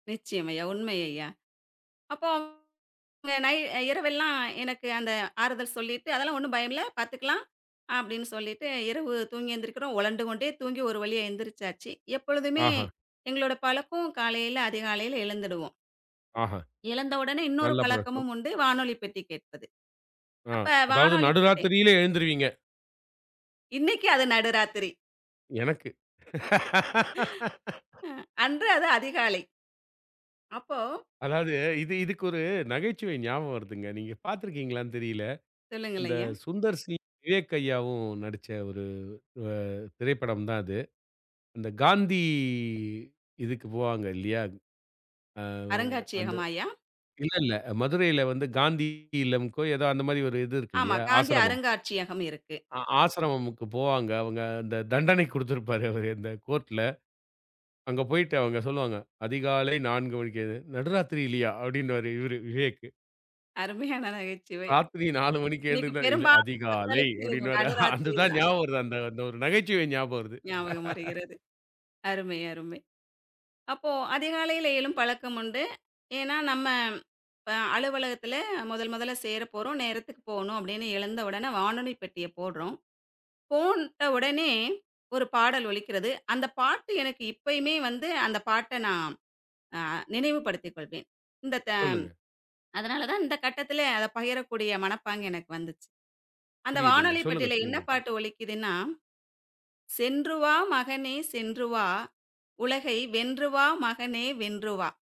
நிச்சயம் ஐயா. உண்மை ஐயா. அப்போ இங்க நை இரவெல்லாம் எனக்கு அந்த ஆறுதல் சொல்லீட்டு, "அதெல்லாம் ஒண்ணும் பயமில்லை, பார்த்துக்கலாம்." அப்படீன்னு சொல்லீட்டு இரவு தூங்கி எந்திரிக்கிறோம். உலண்டு கொண்டே தூங்கி ஒரு வழியா எழுந்திரிச்சாச்சு. எப்பொழுதுமே ஆஹ. எங்களோட பழக்கம் காலையில அதிகாலையில எழுந்துடுவோம். ஆஹா. எழுந்தவுடனே இன்னொரு நல்ல பழக்கம். பழக்கமும் உண்டு. வானொலிப்பெட்டி கேட்பது. ஆ அப்ப அதாவது, வானொலிப் பெட்டி நடுராத்திரியில எழுந்துருவீங்க. இன்னைக்கு அது நடுராத்திரி. எனக்கு. அ அன்று அது அதிகாலை. அப்போ அதாவது, இது இதுக்கு ஒரு நகைச்சுவை ஞாபகம் வருதுங்க. நீங்க பார்த்திருக்கீங்களான்னு தெரியல. சொல்லுங்கள் அந்த ஐயா. சுந்தர் சி, விவேக் ஐய்யாவும் நடிச்ச ஒரு அ திரைப்படம் தான் அது. அந்த காந்தி இதுக்கு போவாங்க, இல்லையா? அ அந்த அருங்காட்சியகமா அய்யா? இல்லல்ல, மதுரையில வந்து காந்தி இல்லம்க்கோ, ஏதோ அந்த மாரி ஒரு இது இருக்கு ஆமா. இல்லையா? காந்தி ஆசரமம். அருங்காட்சியகம் இருக்கு. ஆ ஆசரமமுக்கு போவாங்க அவுங்க. அந்த தண்டனை குடுத்திருப்பாரு அவரு, இந்த கோர்ட்ல. அங்க போய்ட்டு அவங்க சொல்லுவாங்க, "அதிகாலை 4 மணிக்கு எழுந்து", "நடுராத்திரிலயா?" அப்படீன்னுவாரு இவரு விவேக்கு. அருமையான நகைச்சுவை. "ராத்திரி 4 மணிக்கு இன்னைக்கு எழுந்துருந்தா?", "இல்ல, பெரும்பாலும் அதிகாலை." மக்களுக்கு அப்படீன்னுவாரு. நடுராத்திரி அதுதான் தான். ஞாபகம் வருது. அந்த அந்த ஒரு நகைச்சுவை ஞாபகம் வருது. ஞாபகம் வருகிறது. அருமை, அருமை. அப்போ அதிகாலையில எழும் பழக்கம் உண்டு. ஏன்னா, "நம்ம இப்ப அலுவலகத்தில முதல் முதல்ல சேரப் போறோம். நேரத்துக்கு போகணும்." அப்படீன்னு எழுந்த உடன, வானொலி பெட்டிய போடுறோம். போட்ட உடனே ஒரு பாடல் ஒலிக்கிறது. அந்த பாட்டு எனக்கு இப்பயுமே வந்து, அந்த பாட்டை நான் அ நினைவுபடுத்திக் கொள்வேன். இந்த த சொல்லுங்க. அதனால தான் இந்த கட்டத்திலே அதை பகிரக்கூடிய மனப்பாங்கு எனக்கு வந்துச்சு. அந்த புரியுதுங்க. வானொலி சொல்லுங்க, பெட்டில என்ன சொல்லுங்க. பாட்டு ஒலிக்கிதுன்னா, "சென்றுவா மகனே! சென்றுவா! உலகை வென்றுவா மகனே! வென்றுவா!"